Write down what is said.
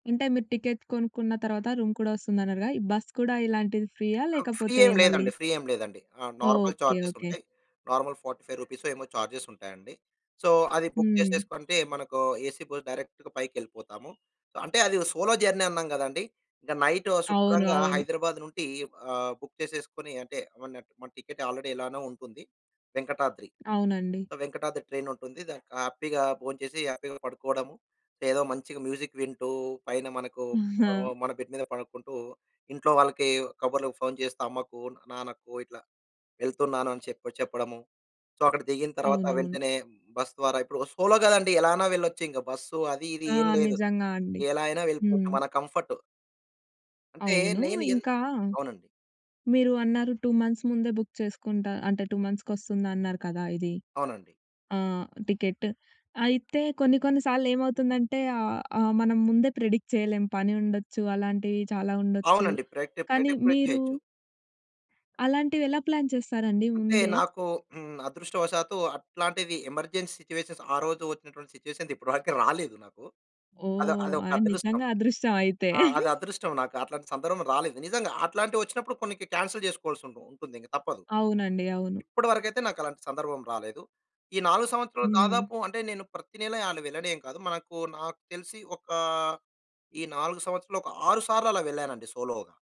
ఇంటే మీరు టికెట్ కొనుక్కున్న తరవాత, రూమ్ కూడా వస్తుందన్నారుగా! ఈ బస్ కూడా ఇలాంటిది ఫ్రీయా? ఆ! ఫ్రీ లేకపోతే ఏం మళ్ళీ లేదండి. ఫ్రీ ఏం లేదండి. ఆ! Normal okay. Charges okay. ఉంటాయి. నార్మల్ రూ. 45 ఏమో, చార్జెస్ ఉంటాయండి. సో, అది బుక్ హ్మ్. చేసేసి పంపి మనకు ఏసీ బస్ డైరెక్ట్‌గా పైకెళ్ళిపోతాము. అంటే, అది ఓ సోలో జర్నీ అన్నాం గదాండీ! ఇంక నైటు అవును. శుభ్రంగా అవును. హైదరాబాద్ నుండి, ఆహ్, బుక్ చేసేసుకొని అంటే, మనట్ మన టికెట్ ఆల్రెడీ ఎలానో ఉంటుంది వెంకటాద్రి. అవునండి. వెంకటాద్రి ట్రైనుంటుంది. దానికి హ్యాపీ‌గా భోంచేసి, హ్యాపీ‌గా పడుకోడము. లేదా మంచిగ మ్యూజిక్ వింటూ, పైన మనకు ఆహ్, మన బెడ్ మీద పడకుంటూ, ఇంట్లో వాళ్ళకి కబుర్లకు ఫోన్ చేస్తూ, అమ్మకు, నాన్నకు ఇట్లా వెళ్తున్నాను అని చెప్పి చెప్పడము. సో, అక్కడ దిగిన తరవాత అవునవును. వెంటనే, బస్ ద్వారా ఇప్పుడు సోలో గదండీ, ఎలా అన్నా వెళ్లొచ్చింక. బస్సు అది ఇది ఆ! ఏం లేదు. నిజంగా అండి. ఎలా అయినా వెళ్ళిపోవచ్చు హ్మ్. మన కంఫర్టు. అంటే అవును. నేను ఎన్ ఇంకా అవునండి. మీరు అన్నారు 2 మంత్స్ ముందే బుక్ చేసుకుంటా. అంటే, 2 మంత్స్‌కొస్తుందన్నారు కదా ఇది. అవునండి. ఆ! టికెట్. అయితే కొన్ని కొన్ని సాల్లేమవుతుందంటే ఆహ్, ఆ! మనం ముందే ప్రెడిక్ట్ చేయలేం. పని ఉండొచ్చు, అలాంటియి చాలా ఉండొచ్చు. అవునండి. ప్రెడిక్టే. కానీ ప్రెడిక్ట్ కూడా మీరు చేయొచ్చు. అలాంటివెలా ప్లాన్ చేస్తారండి అంటే ముందే? నాకు హ్మ్. అదృష్టవశాత్తు అట్లాంటిది ఎమర్జెన్సీ సిట్యుయేషన్స్ ఆ రోజు వచ్చినటువంటి సిట్యుయేషన్స్ ఇప్పటి వరకి రాలేదు నాకు. అదొ ఓహ్! అదొక ఆయి అదృష్టం. నిజంగా అదృష్టం అయితే. ఆ! అది అదృష్టం నాకు. అట్లాంటి సందర్భం రాలేదు. నిజంగా! అట్లాంటివొచ్చినప్పుడు కొన్నికి క్యాన్సెల్ జేసుకోవాల్సుంటుంది ఉంటుందింక తప్పదు. అవునండి. అవును. ఇప్పటివరకైతే నాకలాంటి సందర్భం రాలేదు. ఈ 4 సంవత్సరాలు హ్మ్. దాదాపు అంటే, నేను ప్రతినెలా ఆలు వెళ్ళడేం కాదు. మనకు నాకు తెలిసి, ఒక ఈ 4 సంవత్సరాలు, ఒక 6 సార్లు అలా వెళ్ళానండి సోలోగా.